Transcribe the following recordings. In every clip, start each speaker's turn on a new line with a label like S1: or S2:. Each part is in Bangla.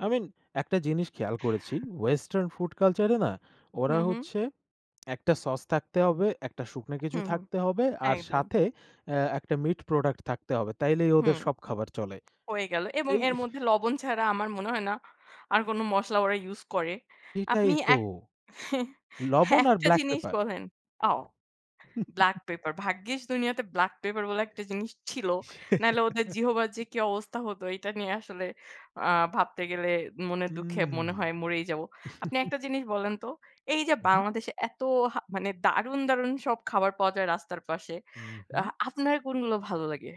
S1: I mean একটা জিনিস খেয়াল করেছি Western food culture এ না ওরা
S2: হুম, হুম।
S1: হচ্ছে একটা sauce থাকতে হবে, একটা শুকনো কিছু
S2: হুম, হুম।
S1: থাকতে হবে আর
S2: একদম।
S1: সাথে অ্যা একটা meat product থাকতে হবে। তাইলেই ওদের
S2: হুম।
S1: সব খাবার চলে।
S2: হয়ে গেল এবং
S1: এই
S2: এর মধ্যে লবণ ছাড়া আমার মনে হয় না আর কোনো মসলা ওরা use করে।
S1: সেটাই
S2: আপনি
S1: তো।
S2: এক
S1: লবণ আর
S2: একটা
S1: black
S2: জিনিস
S1: pepper.
S2: বলেন। ও! black pepper ভাগ্যিস দুনিয়াতে black pepper বলে একটা জিনিস ছিল, নাইলে ওদের জিহবার যে কী অবস্থা হতো এটা নিয়ে আসলে আ ভাবতে গেলে মনের
S1: উ
S2: দুঃখে মনে
S1: হুম।
S2: হয় মরেই যাব। আপনি একটা জিনিস বলেন তো, এই যে
S1: উহু।
S2: বাংলাদেশে এত হা মানে দারুন- দারুন সব খাবার পাওয়া যায় রাস্তার পাশে,
S1: উ
S2: অ্যাহ
S1: হুম।
S2: আপনার কোনগুলো ভালো লাগে?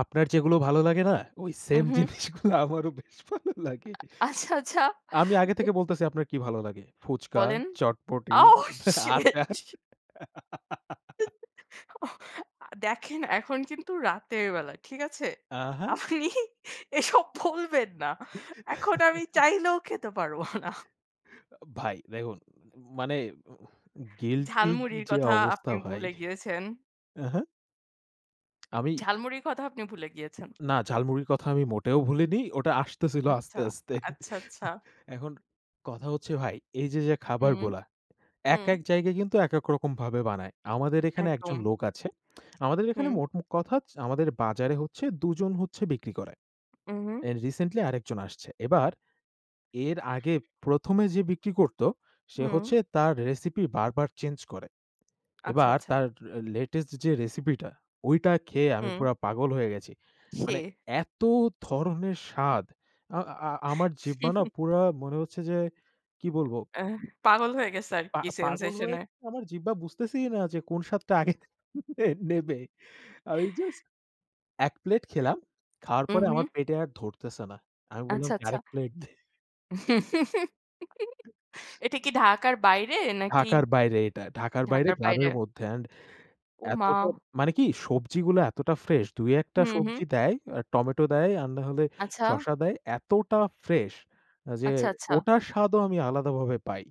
S1: আপনার যেগুলো ভালো লাগে না? ওই
S2: উ,
S1: same
S2: হুম।
S1: জিনিসগুলো আমারও বেশ ভালো লাগে।
S2: আচ্ছা, আচ্ছা।
S1: আমি আগে থেকে বলতেছি আপনার কী ভালো লাগে ফুচকা,
S2: বলেন।
S1: চটপটি,
S2: Oh
S1: আচার।
S2: Shit! দেখেন এখন কিন্তু রাতের বেলা ঠিক আছে?
S1: আহা!
S2: আপনি এসব বলবেন না। এখন আমি চাইলেও খেতে পারবো না।
S1: অ ভাই দেখুন ম মানে অ অ guilty- র
S2: ঝালমুড়ির
S1: যে
S2: কথা
S1: অবস্থা
S2: আপনি
S1: ভাই।
S2: ভুলে গিয়েছেন।
S1: উহু। আমি।
S2: ঝালমুড়ির কথাও আপনি ভুলে গিয়েছেন।
S1: না, ঝাল মুড়ির কথা আমি মোটেও ভুলিনি। ওটা আসতেছিল
S2: আচ্ছা,
S1: আস্তে আস্তে।
S2: আচ্ছা, আচ্ছা।
S1: এখন কথা হচ্ছে ভাই এই যে যে
S2: হুম,
S1: খাবারগুলা, এক-
S2: হুম।
S1: এক জায়গায় কিন্তু এক, এক রকম ভাবে বানায়। আমাদের এখানে একজন
S2: একদম।
S1: লোক আছে। আমাদের এখানে
S2: হুম।
S1: মোট ম কথা আমাদের বাজারে হচ্ছে দুজন হচ্ছে বিক্রি করে
S2: উ হুম।
S1: and recently আরেকজন আসছে। এবার এর আগে প্রথমে যে বিক্রি করতো, সে
S2: হুম।
S1: হচ্ছে তার recipe বারবার change করে।
S2: আচ্ছা,
S1: এবার
S2: আচ্ছা।
S1: তার latest যে recipe টা, ওইটা খেয়ে আমি
S2: হুম।
S1: পুরা পাগল হয়ে গেছি। মানে
S2: সে।
S1: এত ধরনের স্বাদ, অ্যা অ্যা আমার জিহ্বা না পুরা মনে হচ্ছে যে কী বলবো?
S2: অ্যাহ পাগল হয়ে গেছে
S1: পা
S2: আরকি
S1: পাগল
S2: sensation
S1: হয়ে
S2: এ।
S1: আমার জিহ্বা বুঝতেছেই না যে কোন স্বাদটা আগে নেবে। আমি just এক plate খেলাম। খাওয়ার পরে আমার
S2: উহুম।
S1: পেটে আর ধরতেছে না। আমি বললাম
S2: আচ্ছা,
S1: যে আরেক
S2: আচ্ছা।
S1: plate দে।
S2: এটা কী ঢাকার বাইরে নাকি?
S1: ঢাকার বাইরে এটা। ঢাকার বাইরে
S2: ঢাকার বাইরে।
S1: গ্রামের মধ্যে and
S2: ও মা!
S1: এতটা মানে কী সবজিগুলো এতটা fresh। দুই একটা
S2: হুম,
S1: সবজি
S2: হুম।
S1: দেয়, টমেটো দেয় আর নাহলে
S2: আচ্ছা।
S1: শসা দেয়। এতটা fresh যে
S2: আচ্ছা, আচ্ছা।
S1: ওটার স্বাদও আমি আলাদাভাবে পাই।